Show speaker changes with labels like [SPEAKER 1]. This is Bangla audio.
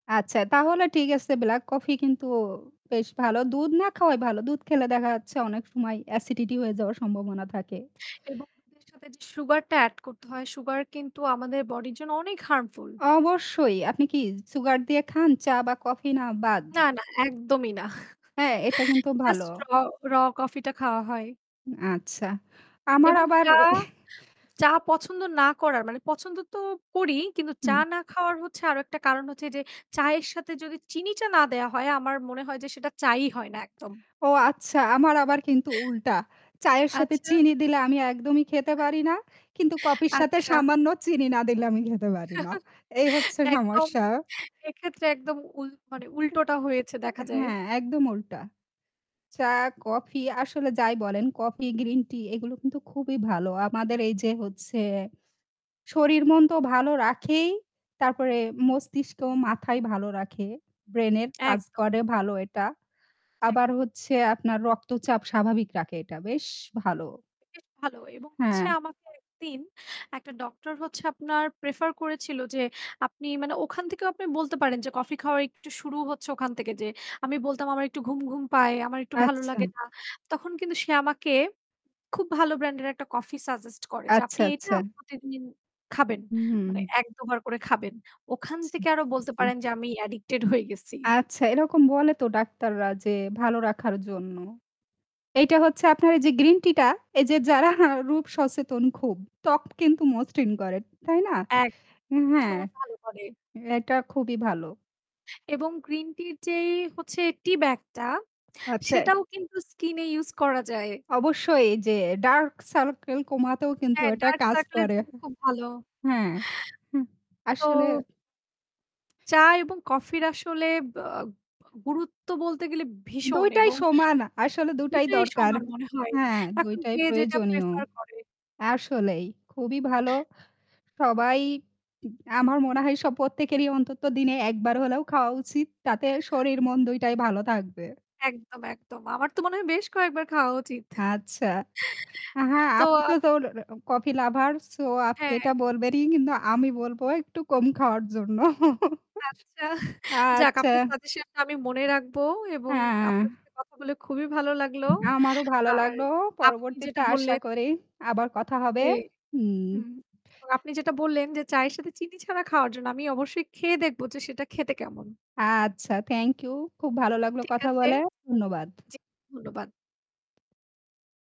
[SPEAKER 1] আচ্ছা তাহলে ঠিক আছে ব্ল্যাক কফি কিন্তু বেশ ভালো। দুধ না খাওয়াই ভালো, দুধ খেলে দেখা যাচ্ছে অনেক সময় অ্যাসিডিটি হয়ে যাওয়ার সম্ভাবনা থাকে।
[SPEAKER 2] এবং দুধের সাথে যে সুগার টা অ্যাড করতে হয় সুগার কিন্তু আমাদের বডির জন্য অনেক harmful।
[SPEAKER 1] অবশ্যই আপনি কি সুগার দিয়ে খান চা বা কফি না বাদ?
[SPEAKER 2] না, না একদমই না।
[SPEAKER 1] হ্যাঁ, এটা কিন্তু ভালো।
[SPEAKER 2] জাস্ট র র কফি টা খাওয়া হয়।
[SPEAKER 1] আচ্ছা, আমার
[SPEAKER 2] এবং
[SPEAKER 1] আবার
[SPEAKER 2] চা
[SPEAKER 1] এ
[SPEAKER 2] চা পছন্দ না করার মানে পছন্দ তো করি। কিন্তু চা
[SPEAKER 1] হু।
[SPEAKER 2] না খাওয়ার হচ্ছে আরও একটা কারণ হচ্ছে যে চায়ের সাথে যদি চিনিটা না দেওয়া হয়, আমার মনে হয় যে সেটা চা ই হয় না একদম।
[SPEAKER 1] ও আচ্ছা আমার আবার কিন্তু উল্টা। চায়ের সাথে
[SPEAKER 2] আচ্ছা।
[SPEAKER 1] চিনি দিলে আমি একদমই খেতে পারি না। কিন্তু কফির সাথে
[SPEAKER 2] আচ্ছা।
[SPEAKER 1] সামান্য চিনি না দিলে আমি খেতে পারি না। এই হচ্ছে
[SPEAKER 2] একদম
[SPEAKER 1] সমস্যা।
[SPEAKER 2] এক্ষেত্রে একদম উল মানে উল্টোটা হয়েছে
[SPEAKER 1] উম
[SPEAKER 2] দেখা
[SPEAKER 1] অ্যা
[SPEAKER 2] যায়।
[SPEAKER 1] হ্যাঁ একদম উল্টা। চা, কফি আসলে যাই বলেন কফি, গ্রিন টি এগুলো কিন্তু খুবই ভালো। আমাদের এই যে হচ্ছে শরীর, মন তো ভালো রাখেই। তারপরে মস্তিষ্ক, মাথায় ভালো রাখে, ব্রেইনের কাজ
[SPEAKER 2] একদম।
[SPEAKER 1] করে ভালো এটা। আবার
[SPEAKER 2] একদম।
[SPEAKER 1] হচ্ছে আপনার রক্তচাপ স্বাভাবিক রাখে এটা বেশ ভালো।
[SPEAKER 2] বেশ ভালো এবং হচ্ছে
[SPEAKER 1] হ্যাঁ।
[SPEAKER 2] আমাকে একদিন একটা ডক্টর হচ্ছে আপনার প্রেফার করেছিল যে আপনি মানে ওখান থেকেও আপনি বলতে পারেন যে কফি খাওয়ার একটু শুরু হচ্ছে ওখান থেকে। যে আমি বলতাম আমার একটু ঘুম, ঘুম, পায়, আমার একটু ভালো লাগে
[SPEAKER 1] আচ্ছা।
[SPEAKER 2] না। তখন কিন্তু সে আমাকে খুব ভালো ব্র্যান্ড এর একটা কফি সাজেস্ট করে, যে
[SPEAKER 1] আচ্ছা,
[SPEAKER 2] "আপনি এটা
[SPEAKER 1] আচ্ছা।
[SPEAKER 2] প্রতিদিন খাবেন। মানে
[SPEAKER 1] হুম।
[SPEAKER 2] ১, ২ বার করে খাবেন।" ওখান থেকে আরও বলতে
[SPEAKER 1] [unintelligible]
[SPEAKER 2] পারেন যে আমি addicted হয়ে গেছি।
[SPEAKER 1] আচ্ছা, এরকম বলে তো ডাক্তাররা যে ভালো রাখার জন্য। এইটা হচ্ছে আপনার এই যে গ্রিন টি টা এই যে যারা রূপ সচেতন খুব, ত্বক কিন্তু মসৃণ করে। তাই না?
[SPEAKER 2] এক
[SPEAKER 1] উ হ্যাঁ।
[SPEAKER 2] ভীষণ ভালো করে।
[SPEAKER 1] এটা খুবই ভালো।
[SPEAKER 2] এবং গ্রিন টির যেই হচ্ছে টি-ব্যাগ টা,
[SPEAKER 1] আচ্ছা।
[SPEAKER 2] সেটাও কিন্তু স্কিন এ ইউস করা যায়।
[SPEAKER 1] অবশ্যই যে ডার্ক সার্কেল কমাতেও কিন্তু
[SPEAKER 2] হা
[SPEAKER 1] এটা
[SPEAKER 2] ডার্ক
[SPEAKER 1] কাজ
[SPEAKER 2] সার্কেল এর
[SPEAKER 1] করে।
[SPEAKER 2] জন্য খুব ভালো।
[SPEAKER 1] হা হ্যা
[SPEAKER 2] তো
[SPEAKER 1] আসলে
[SPEAKER 2] চা এবং কফির আসলে বা গুরুত্ব বলতে গেলে
[SPEAKER 1] ২
[SPEAKER 2] ভীষণ
[SPEAKER 1] টাই
[SPEAKER 2] এবং
[SPEAKER 1] সমান। আসলে ২
[SPEAKER 2] ২
[SPEAKER 1] টাই
[SPEAKER 2] টোই
[SPEAKER 1] দরকার।
[SPEAKER 2] সমান মনে হয়।
[SPEAKER 1] হ্যাঁ, ২
[SPEAKER 2] এখন
[SPEAKER 1] টাই
[SPEAKER 2] যে যেটা
[SPEAKER 1] প্রয়োজনীয়।
[SPEAKER 2] প্রেফার করে।
[SPEAKER 1] আসলেই খুবই ভালো।
[SPEAKER 2] হু।
[SPEAKER 1] সবাই উ আমার মনে হয় সব প্রত্যেকেরই অন্তত দিনে একবার হলেও খাওয়া উচিত। তাতে শরীর মন ২ টাই ভালো থাকবে।
[SPEAKER 2] একদম, একদম, আমার তো মনে হয় বেশ কয়েকবার খাওয়া উচিত।
[SPEAKER 1] আচ্ছা। আ হ্যাঁ।
[SPEAKER 2] তো
[SPEAKER 1] আপনি তো তোর কফি লাভার, সো আপনি
[SPEAKER 2] হ্যাঁ।
[SPEAKER 1] এটা বলবেনই কিন্তু আমি বলব একটু কম খাওয়ার জন্য।
[SPEAKER 2] আচ্ছা যাক
[SPEAKER 1] আচ্ছা।
[SPEAKER 2] আপনার সাজেশন টা আমি মনে রাখব এবং আপনার
[SPEAKER 1] আহ
[SPEAKER 2] সাথে কথা বলে খুবই ভালো লাগলো।
[SPEAKER 1] আমারও ভালো
[SPEAKER 2] আর
[SPEAKER 1] লাগলো।
[SPEAKER 2] আপনি
[SPEAKER 1] পরবর্তীতে
[SPEAKER 2] যেটা
[SPEAKER 1] আশা
[SPEAKER 2] বললেন
[SPEAKER 1] করি আবার কথা হবে।
[SPEAKER 2] যে
[SPEAKER 1] হুম।
[SPEAKER 2] উম এবং আপনি যেটা বললেন যে চায়ের সাথে চিনি ছাড়া খাওয়ার জন্য আমি অবশ্যই খেয়ে দেখবো যে সেটা খেতে কেমন?
[SPEAKER 1] আচ্ছা থ্যাংক ইউ। খুব ভালো লাগল
[SPEAKER 2] ঠিক
[SPEAKER 1] কথা
[SPEAKER 2] আছে।
[SPEAKER 1] বলে। ধন্যবাদ।
[SPEAKER 2] জী ধন্যবাদ।